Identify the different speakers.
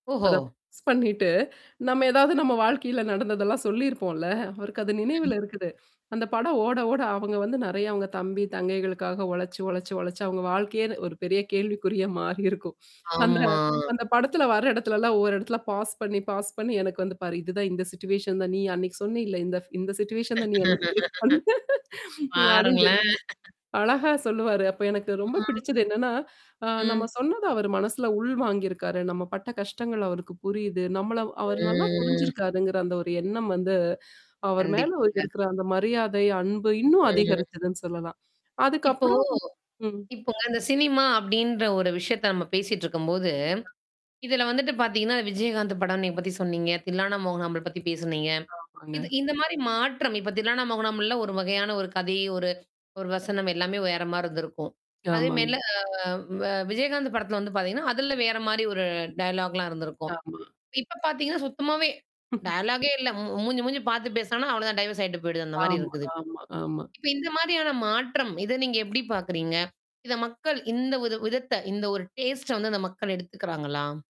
Speaker 1: ஓஹோ!
Speaker 2: அத மிஸ் பண்ணிட்டு, நம்ம ஏதாவது நம்ம வாழ்க்கையில நடந்ததெல்லாம் சொல்லிருப்போல. அவருக்கு அது நினைவுல இருக்குது. அந்த படம் ஓட ஓட அவங்க வந்து நெறைய அவங்க தம்பி, தங்கைகளுக்காக உழச்சு உழச்சு உழச்சு அவங்க வாழ்க்கையே ஒரு பெரிய கேள்விக்குறியா மாறிருக்கும். அந்த
Speaker 1: ஆமா.
Speaker 2: அந்த படத்துல வர இடத்துலல்லாம் ஒவ்வொரு இடத்துல பாஸ் பண்ணி பாஸ் பண்ணி எனக்கு வந்து பாரு. இதுதான் இந்த சிச்சுவேஷன் தான் நீ அன்னைக்கு சொன்னியில இந்த இந்த சிச்சுவேஷன் தான் நீ அன்னைக்கு ஃபேஸ் பண்ண அப்டின்னு சொல்லி.
Speaker 1: பாருங்களேன்.
Speaker 2: அழகா சொல்லுவாரு. அப்ப எனக்கு ரொம்ப
Speaker 1: ம்.
Speaker 2: பிடிச்சது என்னன்னா, அ நம்ம
Speaker 1: ம்.
Speaker 2: சொன்னத அவரு மனசுல உள் வாங்கியிருக்காரு. நம்ம பட்ட கஷ்டங்கள் அவருக்கு புரியுது. நம்மள அவரு நல்லா
Speaker 1: ம்.
Speaker 2: புரிஞ்சிருக்காருங்கிற அந்த ஒரு எண்ணம் வந்து, அவர் மேல
Speaker 1: கண்டிப்பாங்க.
Speaker 2: இருக்கிற அந்த மரியாதை, அன்பு இன்னும்
Speaker 1: ம்.
Speaker 2: அதிகரிச்சதுன்னு சொல்லலாம்.
Speaker 1: இப்போ.
Speaker 2: அதுக்கப்புறம். ம்.
Speaker 1: இப்பங்க இந்த சினிமா அப்டின்ற ஒரு விஷயத்த நம்ம பேசிட்டு இருக்கும்போது. இதுல வந்துட்டு பாத்தீங்கன்னா, விஜயகாந்த் படம் நீங்க பத்தி சொன்னீங்க. தில்லானா மோகனாம்பாள் பத்தி பேசுனீங்க.
Speaker 2: ஆமாங்க.
Speaker 1: இது இந்த மாரி மாற்றம். இப்ப தில்லானா மோகனாம்பாள் ஒரு வகையான ஒரு கதை, ஒரு ஒரு வசனம் எல்லாமே வேறமாரி இருந்திருக்கும். அதே
Speaker 2: ஆமாங்க.
Speaker 1: மெல்ல வ விஜயகாந்த் படத்துல வந்து பாரத்தீங்கன்னா, அதுல வேற மாரி ஒரு டயலாக்லாம் இருந்திருக்கும்.
Speaker 2: ஆமா.
Speaker 1: இப்ப பாத்தீங்கன்னா, சுத்தமாவே. டயாலாகே இல்ல. மூஞ்சி மூஞ்சி பாத்து பேசனனா, அவ்ளோ தான் டைவர்ஸ் ஆயிட்டு போயிடுது. அந்த மாரி
Speaker 2: ஆமா
Speaker 1: இருக்குது இப்ப
Speaker 2: ஆமா ஆமா.
Speaker 1: இப்ப இந்த மாரியான மாற்றம். இத நீங்க எப்படி பாக்குறீங்க? இத மக்கள் இந்த ஒரு விதத்த இந்த ஒரு டேஸ்ட்ட வந்து அந்த மக்கள் எடுத்துக்கிறாங்களா?